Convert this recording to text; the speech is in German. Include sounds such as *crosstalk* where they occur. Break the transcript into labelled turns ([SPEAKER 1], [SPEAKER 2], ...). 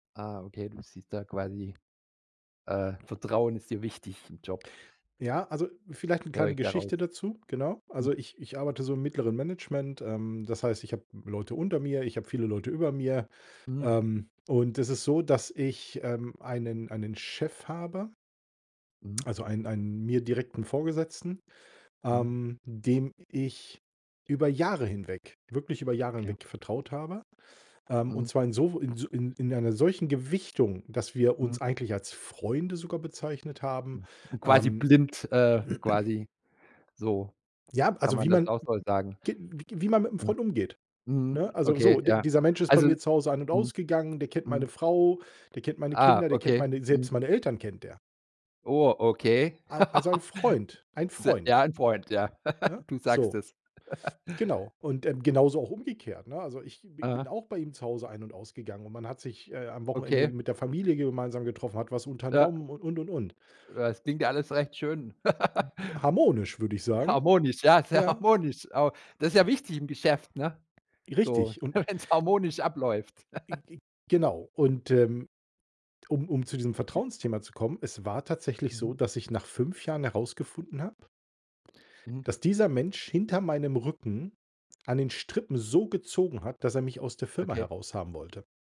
[SPEAKER 1] Ah, okay, du siehst da quasi äh, Vertrauen ist dir wichtig im Job
[SPEAKER 2] Ja, also, vielleicht 'ne
[SPEAKER 1] höre
[SPEAKER 2] kleine
[SPEAKER 1] ich da raus.
[SPEAKER 2] Geschichte dazu, genau.
[SPEAKER 1] Hm.
[SPEAKER 2] Also, ich ich arbeite so im mittleren Management, ähm, das heißt, ich habe Leute unter mir, ich habe viele Leute über mir.
[SPEAKER 1] Mhm.
[SPEAKER 2] Ähm, und es ist so, dass ich, ähm, einen einen Chef habe
[SPEAKER 1] Mhm.
[SPEAKER 2] also, einen einen mir direkten Vorgesetzten,
[SPEAKER 1] Mhm.
[SPEAKER 2] ähm, dem ich über Jahre hinweg, wirklich über Jahre
[SPEAKER 1] Okay.
[SPEAKER 2] hinweg vertraut habe. Ähm, und
[SPEAKER 1] Mhm.
[SPEAKER 2] zwar in so w in s in einer solchen Gewichtung, dass wir
[SPEAKER 1] Mhm.
[SPEAKER 2] uns eigentlich als Freunde sogar bezeichnet haben,
[SPEAKER 1] Hm, quasi
[SPEAKER 2] ähm.
[SPEAKER 1] blind äh,
[SPEAKER 2] *clears throat*
[SPEAKER 1] quasi, so
[SPEAKER 2] Ja,
[SPEAKER 1] kann
[SPEAKER 2] also,
[SPEAKER 1] man
[SPEAKER 2] wie
[SPEAKER 1] das
[SPEAKER 2] man
[SPEAKER 1] auch so sagen.
[SPEAKER 2] *unintelligible* gi g wie man mit 'nem
[SPEAKER 1] Mhm,
[SPEAKER 2] Freund umgeht,
[SPEAKER 1] mhm.
[SPEAKER 2] ne? Also,
[SPEAKER 1] Okay,
[SPEAKER 2] so, d
[SPEAKER 1] ja.
[SPEAKER 2] dieser Mensch ist bei
[SPEAKER 1] Also
[SPEAKER 2] mir zu Hause ein und
[SPEAKER 1] mhm.
[SPEAKER 2] ausgegangen, der kennt meine
[SPEAKER 1] Mhm.
[SPEAKER 2] Frau, der kennt meine
[SPEAKER 1] Ah,
[SPEAKER 2] Kinder, der kennt
[SPEAKER 1] okay.
[SPEAKER 2] meine
[SPEAKER 1] Mhm.
[SPEAKER 2] selbst meine Eltern kennt der.
[SPEAKER 1] Oh, okay.
[SPEAKER 2] Al also, ein Freund,
[SPEAKER 1] *laughs*
[SPEAKER 2] ein
[SPEAKER 1] Se
[SPEAKER 2] Freund.
[SPEAKER 1] ja, ein Freund, ja.
[SPEAKER 2] Ne?
[SPEAKER 1] *laughs* Du sagst
[SPEAKER 2] So.
[SPEAKER 1] es. *laughs*
[SPEAKER 2] Genau. Und, ähm, genauso auch umgekehrt, ne? Also, ich b bin
[SPEAKER 1] Aha.
[SPEAKER 2] auch bei ihm zu Hause ein und ausgegangen und man hat sich, äh, am Wochenende
[SPEAKER 1] Okay.
[SPEAKER 2] mit der Familie gemeinsam getroffen, hat was
[SPEAKER 1] Ja.
[SPEAKER 2] unternommen und, und, und, und.
[SPEAKER 1] Ja, das klingt ja alles recht schön.
[SPEAKER 2] Hm,
[SPEAKER 1] *laughs*
[SPEAKER 2] harmonisch, würde ich sagen.
[SPEAKER 1] Harmonisch, ja, sehr
[SPEAKER 2] Ja.
[SPEAKER 1] harmonisch. Aber das ist ja wichtig im Geschäft, ne? So
[SPEAKER 2] Richtig und
[SPEAKER 1] wenn's harmonisch abläuft.
[SPEAKER 2] Ge
[SPEAKER 1] *laughs*
[SPEAKER 2] ge genau und, ähm, um um zu diesem Vertrauensthema zu kommen, es war tatsächlich so,
[SPEAKER 1] Mhm.
[SPEAKER 2] dass ich nach 5 Jahren herausgefunden habe
[SPEAKER 1] Mhm.
[SPEAKER 2] dass dieser Mensch hinter meinem Rücken an den Strippen so gezogen hat, dass er mich aus der Firma
[SPEAKER 1] Okay.
[SPEAKER 2] heraushaben wollte.